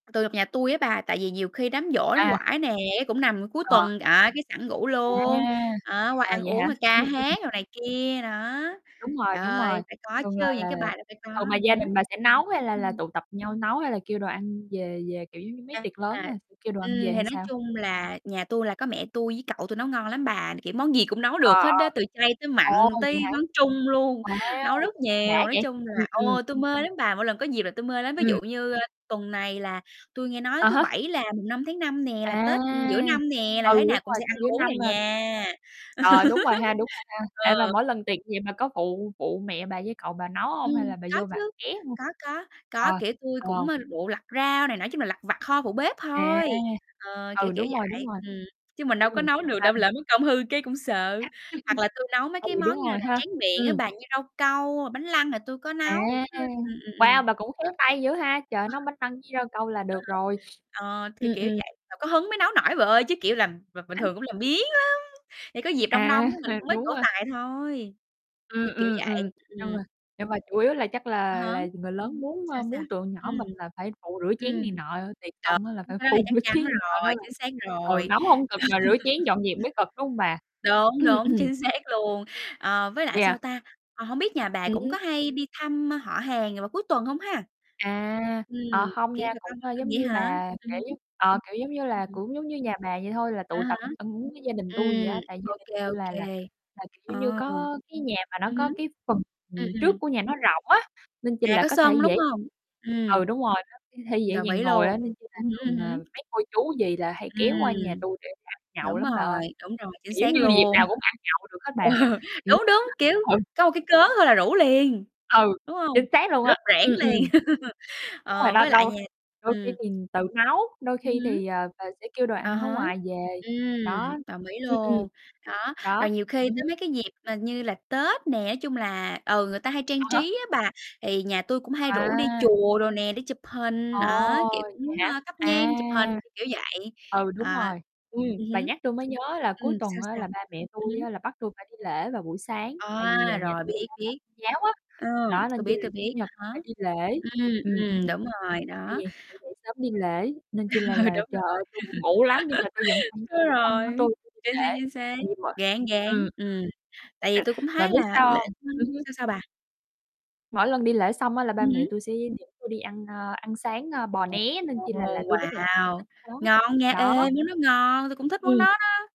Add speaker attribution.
Speaker 1: Từ [unintelligible] nhà tui á bà, tại vì nhiều khi đám giỗ đám
Speaker 2: À.
Speaker 1: quải nè, cũng nằm cuối
Speaker 2: Ờ.
Speaker 1: tuần, à, cái sẵn ngủ
Speaker 2: À,
Speaker 1: luôn, đó, qua
Speaker 2: à,
Speaker 1: ăn
Speaker 2: vậy
Speaker 1: uống
Speaker 2: hả?
Speaker 1: rồi
Speaker 2: Ừm,
Speaker 1: ca
Speaker 2: ừm.
Speaker 1: hát đồ này kia, đó,
Speaker 2: Đúng rồi, đúng rồi,
Speaker 1: ơi, phải có
Speaker 2: thường là
Speaker 1: chứ, những
Speaker 2: là
Speaker 1: cái
Speaker 2: là
Speaker 1: bài là phải có,
Speaker 2: thường là gia
Speaker 1: hứm.
Speaker 2: đình bà sẽ nấu, hay là là
Speaker 1: Ừm.
Speaker 2: tụ tập nhau nấu, hay là kêu đồ ăn về về, kiểu, giống như, mấy
Speaker 1: À.
Speaker 2: tiệc lớn thôi, kêu đồ ăn
Speaker 1: Ừm,
Speaker 2: về
Speaker 1: thì
Speaker 2: hay
Speaker 1: nói
Speaker 2: sao?
Speaker 1: chung là nhà tui là có mẹ tui với cậu tui nấu ngon lắm bà, kiểu, món gì cũng nấu
Speaker 2: Ờ,
Speaker 1: được hết
Speaker 2: ờ.
Speaker 1: đá, từ chay tới
Speaker 2: Ồ,
Speaker 1: mặn tới
Speaker 2: vậy hả?
Speaker 1: món Trung luôn, nấu
Speaker 2: Wow,
Speaker 1: rất nhiều,
Speaker 2: đã
Speaker 1: nói
Speaker 2: vậy,
Speaker 1: chung
Speaker 2: ừm,
Speaker 1: là
Speaker 2: ừm.
Speaker 1: ừ, tui mê lắm bà, mỗi lần có dịp là tui mê lắm. Ví
Speaker 2: Ừm.
Speaker 1: dụ như, a, tuần này là tui nghe nói
Speaker 2: À
Speaker 1: thứ
Speaker 2: há.
Speaker 1: Bảy là mùng 5 tháng 5 nè, là
Speaker 2: À,
Speaker 1: Tết giữa năm nè, là
Speaker 2: ừ,
Speaker 1: thế nào
Speaker 2: đúng
Speaker 1: cũng
Speaker 2: rồi,
Speaker 1: sẽ
Speaker 2: sắp
Speaker 1: ăn
Speaker 2: giữa
Speaker 1: uống nè
Speaker 2: năm rồi.
Speaker 1: nha.
Speaker 2: Trời, đúng rồi ha, đúng rồi ha?
Speaker 1: Ừ.
Speaker 2: Ê, mà
Speaker 1: Ờ.
Speaker 2: mỗi lần tiệc gì, bà có phụ phụ mẹ bà với cậu bà nấu hông? Hay
Speaker 1: Ừm,
Speaker 2: là bà
Speaker 1: có
Speaker 2: vô bà
Speaker 1: chứ,
Speaker 2: ké hông?
Speaker 1: có, có,
Speaker 2: Ờ,
Speaker 1: có. Kiểu, tui
Speaker 2: ờ.
Speaker 1: cũng, ơ, phụ lặt rau này nọ, nói chung là lặt vặt ho, phụ bếp
Speaker 2: À,
Speaker 1: thôi, ờ, kiểu,
Speaker 2: ừ,
Speaker 1: kiểu
Speaker 2: đúng rồi, đúng
Speaker 1: vậy,
Speaker 2: rồi.
Speaker 1: ừm, chứ mình đâu có
Speaker 2: Ừm.
Speaker 1: nấu được đâu,
Speaker 2: [unintelligible]
Speaker 1: lỡ mất công hư cái cũng sợ. Hoặc là tui nấu mấy cái
Speaker 2: Ừ, đúng
Speaker 1: món như
Speaker 2: rồi
Speaker 1: là
Speaker 2: ha,
Speaker 1: tráng miệng á
Speaker 2: ừm.
Speaker 1: bà, như rau câu hoặc bánh flan là tui có
Speaker 2: À,
Speaker 1: nấu. Ừm, ừm, ừm,
Speaker 2: wow,
Speaker 1: ừm.
Speaker 2: bà cũng khéo tay dữ ha! Trời ơi, nấu bánh flan với rau câu là được rồi.
Speaker 1: [unintelligible] Ờ, kiểu,
Speaker 2: Ừm,
Speaker 1: kiểu
Speaker 2: ừm.
Speaker 1: vậy, phải có hứng mới nấu nổi vợ ơi. Chứ, kiểu làm bình bình thường cũng làm biếng lắm, phải có dịp đông
Speaker 2: À,
Speaker 1: đông á, mình cũng mới
Speaker 2: đúng
Speaker 1: trổ
Speaker 2: rồi.
Speaker 1: tài thôi,
Speaker 2: Ừm,
Speaker 1: kiểu, kiểu
Speaker 2: ừm, ừm.
Speaker 1: vậy. [unintelligible]
Speaker 2: Nhưng mà
Speaker 1: Ừm.
Speaker 2: nhưng mà chủ yếu là chắc
Speaker 1: À
Speaker 2: là
Speaker 1: há.
Speaker 2: là người lớn muốn,
Speaker 1: Sao,
Speaker 2: ơ,
Speaker 1: sao?
Speaker 2: muốn tụi nhỏ
Speaker 1: Ừm.
Speaker 2: mình là phải phụ rửa chén
Speaker 1: Ừm,
Speaker 2: này nọ, tiệc xong á là
Speaker 1: đúng,
Speaker 2: phải
Speaker 1: cái đó thì
Speaker 2: phụ
Speaker 1: chắc
Speaker 2: rửa
Speaker 1: chắn
Speaker 2: chén, ờ,
Speaker 1: rồi,
Speaker 2: nên là
Speaker 1: chính xác
Speaker 2: ừ,
Speaker 1: rồi.
Speaker 2: nấu hông cực mà rửa chén dọn dẹp mới cực, đúng hông bà?
Speaker 1: Đúng,
Speaker 2: Ừm,
Speaker 1: đúng,
Speaker 2: ừm.
Speaker 1: chính xác luôn. Ờ, với lại, sao
Speaker 2: Yeah.
Speaker 1: ta, ờ, hông biết nhà bà
Speaker 2: Ừm
Speaker 1: cũng
Speaker 2: hứm.
Speaker 1: có hay đi thăm, ơ, họ hàng vào cuối tuần không ha?
Speaker 2: À,
Speaker 1: Ừm,
Speaker 2: ờ, hông nha,
Speaker 1: kể bà
Speaker 2: cũng,
Speaker 1: con
Speaker 2: a,
Speaker 1: [unintelligible]
Speaker 2: giống
Speaker 1: vậy
Speaker 2: như
Speaker 1: hả?
Speaker 2: bà,
Speaker 1: Ừm hứm.
Speaker 2: kiểu ờ, kiểu, giống như
Speaker 1: Ừm,
Speaker 2: là,
Speaker 1: ừm.
Speaker 2: cũng giống như nhà bà vậy thôi, là
Speaker 1: À
Speaker 2: tụ tập
Speaker 1: há.
Speaker 2: ăn uống với gia đình tui vậy
Speaker 1: Ừm,
Speaker 2: á. Tại gia
Speaker 1: ô
Speaker 2: đình
Speaker 1: kê,
Speaker 2: tui
Speaker 1: ô
Speaker 2: là là
Speaker 1: kê,
Speaker 2: là, kiểu giống như,
Speaker 1: ờ.
Speaker 2: có cái nhà mà nó
Speaker 1: Ừm
Speaker 2: có
Speaker 1: hứm.
Speaker 2: cái phần,
Speaker 1: Ừm,
Speaker 2: ừm, trước
Speaker 1: ừm.
Speaker 2: của nhà nó rộng á, nên chi
Speaker 1: À,
Speaker 2: là
Speaker 1: có
Speaker 2: có thể
Speaker 1: sân,
Speaker 2: dễ
Speaker 1: đúng
Speaker 2: dàng
Speaker 1: hông? Ừm.
Speaker 2: ừ, đúng rồi, [unintelligible] th thể dễ
Speaker 1: Đồng
Speaker 2: dàng
Speaker 1: ý
Speaker 2: ngồi
Speaker 1: luôn,
Speaker 2: á. Nên chi là
Speaker 1: ừm hứm,
Speaker 2: thường,
Speaker 1: ừm
Speaker 2: à,
Speaker 1: hứm.
Speaker 2: mấy cô, chú, dì là hay kéo qua nhà
Speaker 1: Ừm.
Speaker 2: tui để ăn nhậu
Speaker 1: Đúng
Speaker 2: lắm bà
Speaker 1: rồi,
Speaker 2: ơi,
Speaker 1: đúng rồi, chính
Speaker 2: kiểu giống
Speaker 1: xác
Speaker 2: như dịp
Speaker 1: luôn.
Speaker 2: nào cũng ăn nhậu được hết
Speaker 1: Ờ,
Speaker 2: bà. Kiểu
Speaker 1: đúng, đúng, kiểu,
Speaker 2: ừ.
Speaker 1: có một cái cớ thôi là rủ liền,
Speaker 2: Ừ,
Speaker 1: đúng hông?
Speaker 2: chính xác luôn á,
Speaker 1: Rốp rẻng
Speaker 2: ừm, ừm.
Speaker 1: liền.
Speaker 2: Đúng rồi
Speaker 1: Ờ,
Speaker 2: đó,
Speaker 1: với lại
Speaker 2: đôi
Speaker 1: nhà
Speaker 2: đôi khi
Speaker 1: ừm.
Speaker 2: thì tự nấu, đôi
Speaker 1: Ừm
Speaker 2: khi
Speaker 1: hứm.
Speaker 2: thì, ờ, về sẽ kêu đồ
Speaker 1: À
Speaker 2: ăn ở
Speaker 1: há,
Speaker 2: ngoài về,
Speaker 1: ừm,
Speaker 2: đó.
Speaker 1: đồng ý
Speaker 2: Ừm, ừm.
Speaker 1: luôn. Đó, rồi
Speaker 2: Đó,
Speaker 1: nhiều khi
Speaker 2: ừm
Speaker 1: tới
Speaker 2: hứm.
Speaker 1: mấy cái dịp mà như là Tết nè, nói chung là, ừ, người ta hay
Speaker 2: À
Speaker 1: trang
Speaker 2: há.
Speaker 1: trí á bà, thì nhà tui cũng hay rủ đi
Speaker 2: À.
Speaker 1: chùa đồ nè, đi chụp hình,
Speaker 2: Ồ,
Speaker 1: á, kiểu
Speaker 2: vậy
Speaker 1: cũng,
Speaker 2: hả?
Speaker 1: a, thắp nhang chụp hình,
Speaker 2: À.
Speaker 1: kiểu, kiểu, kiểu vậy,
Speaker 2: Ừ, đúng
Speaker 1: ờ,
Speaker 2: rồi, ừm,
Speaker 1: ừm
Speaker 2: bà
Speaker 1: hứm.
Speaker 2: nhắc tui mới nhớ là cuối
Speaker 1: Ừm,
Speaker 2: tuần
Speaker 1: sao,
Speaker 2: á
Speaker 1: sao?
Speaker 2: là ba mẹ
Speaker 1: Ừm
Speaker 2: tui
Speaker 1: hứm.
Speaker 2: á là bắt tui phải đi lễ vào buổi sáng, tại vì,
Speaker 1: À,
Speaker 2: à, nhà
Speaker 1: rồi,
Speaker 2: tui [unintelligible]
Speaker 1: biết,
Speaker 2: theo đạo
Speaker 1: biết.
Speaker 2: giáo á.
Speaker 1: Ờ,
Speaker 2: Đó,
Speaker 1: tui
Speaker 2: nên chi
Speaker 1: biết,
Speaker 2: là
Speaker 1: tui biết,
Speaker 2: Chủ nhật
Speaker 1: à
Speaker 2: là
Speaker 1: há.
Speaker 2: phải đi lễ,
Speaker 1: Ừm,
Speaker 2: ừm, ừm.
Speaker 1: ừm, đúng rồi,
Speaker 2: Tại
Speaker 1: đó.
Speaker 2: vì phải dậy sớm đi lễ nên chi là
Speaker 1: Ừ,
Speaker 2: là,
Speaker 1: đúng
Speaker 2: trời
Speaker 1: rồi.
Speaker 2: ơi, tui buồn ngủ lắm, nhưng mà tui vẫn phải nhét
Speaker 1: Đúng
Speaker 2: cái [unintelligible] của
Speaker 1: rồi,
Speaker 2: tui tui đi
Speaker 1: chính xác,
Speaker 2: lễ,
Speaker 1: chính xác.
Speaker 2: [unintelligible] ừm,
Speaker 1: Ráng, ráng,
Speaker 2: ừm.
Speaker 1: ừm, tại vì tui cũng
Speaker 2: Bà
Speaker 1: thấy
Speaker 2: biết
Speaker 1: là
Speaker 2: sao
Speaker 1: lễ
Speaker 2: hông? Ừm
Speaker 1: [unintelligible]
Speaker 2: hứm.
Speaker 1: sao, sao bà?
Speaker 2: Mỗi lần đi lễ xong á, là ba
Speaker 1: Ừm
Speaker 2: mẹ
Speaker 1: hứm.
Speaker 2: tui sẽ dẫn tui đi ăn, à, ăn sáng, ơ, bò
Speaker 1: Ồ,
Speaker 2: né, nên chi là là tui rất là thích
Speaker 1: wow,
Speaker 2: thích đó,
Speaker 1: ngon nha! Ê,
Speaker 2: đó.
Speaker 1: món đó ngon, tui cũng thích món
Speaker 2: Ừm.
Speaker 1: đó đó.